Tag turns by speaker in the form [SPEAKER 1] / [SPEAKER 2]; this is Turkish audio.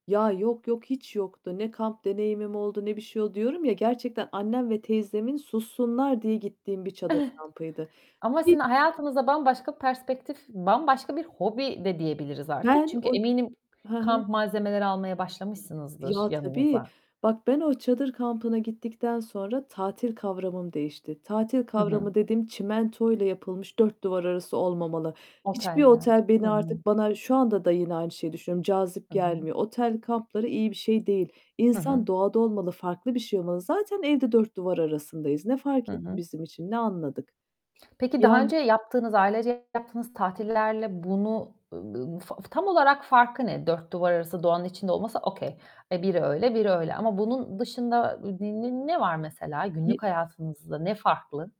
[SPEAKER 1] Ya, yok, yok, hiç yoktu. Ne kamp deneyimim oldu ne bir şey oldu. Diyorum ya, gerçekten annem ve teyzemin sussunlar diye gittiğim bir çadır kampıydı.
[SPEAKER 2] Ama sizin
[SPEAKER 1] Bir [unintelligible]
[SPEAKER 2] hayatınızda bambaşka perspektif, bambaşka bir hobi de diyebiliriz artık.
[SPEAKER 1] Ben
[SPEAKER 2] Çünkü
[SPEAKER 1] o
[SPEAKER 2] eminim
[SPEAKER 1] Hı hı.
[SPEAKER 2] kamp malzemeleri almaya başlamışsınızdır
[SPEAKER 1] Ya, tabii
[SPEAKER 2] yanınıza.
[SPEAKER 1] bak, ben o çadır kampına gittikten sonra tatil kavramım değişti. Tatil
[SPEAKER 2] Hı hı.
[SPEAKER 1] kavramı dediğim çimentoyla yapılmış dört duvar arası olmamalı. Hiçbir
[SPEAKER 2] Oteller.
[SPEAKER 1] otel
[SPEAKER 2] Hı
[SPEAKER 1] beni
[SPEAKER 2] hı.
[SPEAKER 1] artık bana şu anda da yine aynı şeyi düşünüyorum, cazip
[SPEAKER 2] Hı hı.
[SPEAKER 1] gelmiyor. Otel kampları iyi bir şey değil.
[SPEAKER 2] Hı hı.
[SPEAKER 1] İnsan doğada olmalı, farklı bir şey olmalı. Zaten evde dört duvar arasındayız. Ne
[SPEAKER 2] Hı
[SPEAKER 1] fark etti
[SPEAKER 2] hı.
[SPEAKER 1] bizim için? Ne anladık?
[SPEAKER 2] Peki daha
[SPEAKER 1] Yani
[SPEAKER 2] önce yaptığınız, ailece yaptığınız tatillerle bunu ııı, f f tam olarak farkı ne? Dört duvar arası doğanın içinde olması okey. Biri öyle biri öyle ama bunun dışında n n ne var mesela?
[SPEAKER 1] Ye
[SPEAKER 2] Günlük hayatınızda ne farklı?